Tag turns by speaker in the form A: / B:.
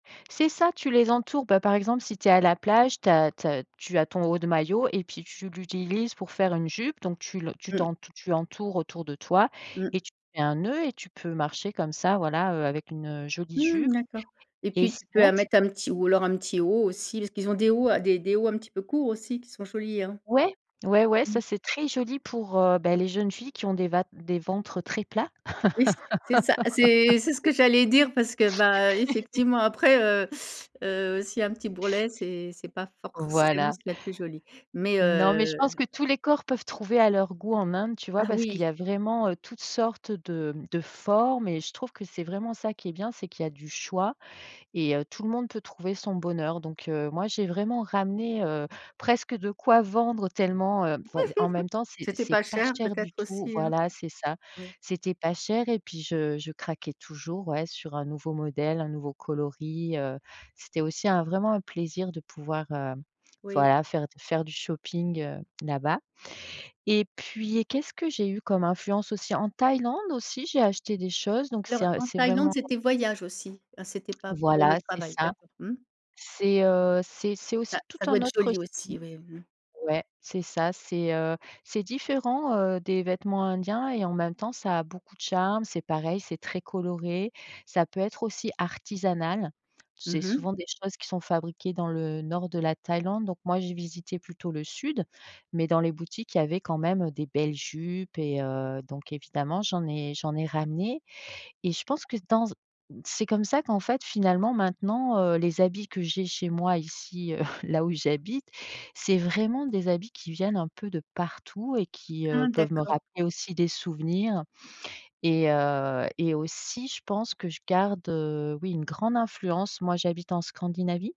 A: C'est ça, tu les entoures, bah, par exemple si tu es à la plage, tu as tu as tu as ton haut de maillot et puis tu l'utilises pour faire une jupe, donc tu le tu
B: Mmh.
A: t'en tu entoures autour de toi
B: Mmh.
A: et tu fais un nœud et tu peux marcher comme ça voilà, heu, avec une, heu, jolie jupe
B: Mmh. D'accord et
A: et
B: puis, tu peux
A: sinon
B: à
A: tu
B: mettre un petit ou alors un petit haut aussi, parce qu'ils ont des hauts à des des hauts un petit peu courts aussi, sont jolis hein.
A: Ouais. Ouais ouais,
B: Mmh.
A: ça c'est très joli pour, heu, ben les jeunes filles qui ont des vat des ventres très plats.
B: Oui c c'est ça, c'est c'est ce que j'allais dire, parce que ben, effectivement, après, heu, heu, s'il y a un petit bourrelet, c'est c'est pas forcément
A: Voilà.
B: ce qu'il y a de plus joli. Mais
A: Non mais je
B: heu
A: pense que tous les corps peuvent trouver à leur goût en Inde, tu vois?
B: Ah
A: Parce qu'il y a
B: oui.
A: vraiment, heu, toutes sortes de de formes et je trouve que c'est vraiment ça qui est bien, c'est qu'il y a du choix et heu, tout le monde peut trouver son bonheur. Donc heu, moi j'ai vraiment ramené, heu, presque de quoi vendre tellement, heu, vois en même temps c'est
B: C'était
A: c'est
B: pas
A: pas
B: cher
A: cher du
B: peut-être
A: tout.
B: aussi, hein?
A: Voilà c'est ça.
B: Oui.
A: C'était pas cher et puis je je craquais toujours, ouais sur un nouveau modèle, un nouveau coloris, heu, c'était aussi un vraiment un plaisir de pouvoir, heu,
B: Oui.
A: voilà faire d faire du shopping, heu, là-bas et puis et qu'est-ce que j'ai eu comme influence aussi? En Thaïlande aussi, j'ai acheté des choses, donc c'est
B: Alors
A: un
B: en
A: c'est
B: Thaïlande
A: vraiment
B: c'était voyage aussi? Ah c'était pas pour le
A: Voilà c'est
B: travail?
A: ça.
B: D'accord. Mmh.
A: C'est, heu, c'est c'est
B: Bah
A: aussi tout
B: ça doit
A: un
B: être
A: autre
B: joli
A: style.
B: aussi. Oui, mmh.
A: Ouais c'est ça, c'est, heu, c'est différent, heu, des vêtements indiens et en même temps ça a beaucoup de charme. C'est pareil, c'est très coloré, ça peut être aussi artisanal. C'est
B: Mmh mh.
A: souvent des choses qui sont fabriquées dans le nord de la Thaïlande, donc moi j'ai visité plutôt le sud, mais dans les boutiques il y avait quand même, heu, des belles jupes et heu, donc évidemment j'en ai j'en ai ramenées et je pense que dans z c'est comme ça qu'en fait finalement maintenant, heu, les habits que j'ai chez moi ici, heu, là où j'habite, c'est vraiment des habits qui viennent un peu de partout et qui, heu,
B: Ah
A: peuvent me
B: d'accord.
A: rappeler aussi des souvenirs et heu et aussi je pense que je garde, heu, oui une grande influence. Moi j'habite en Scandinavie.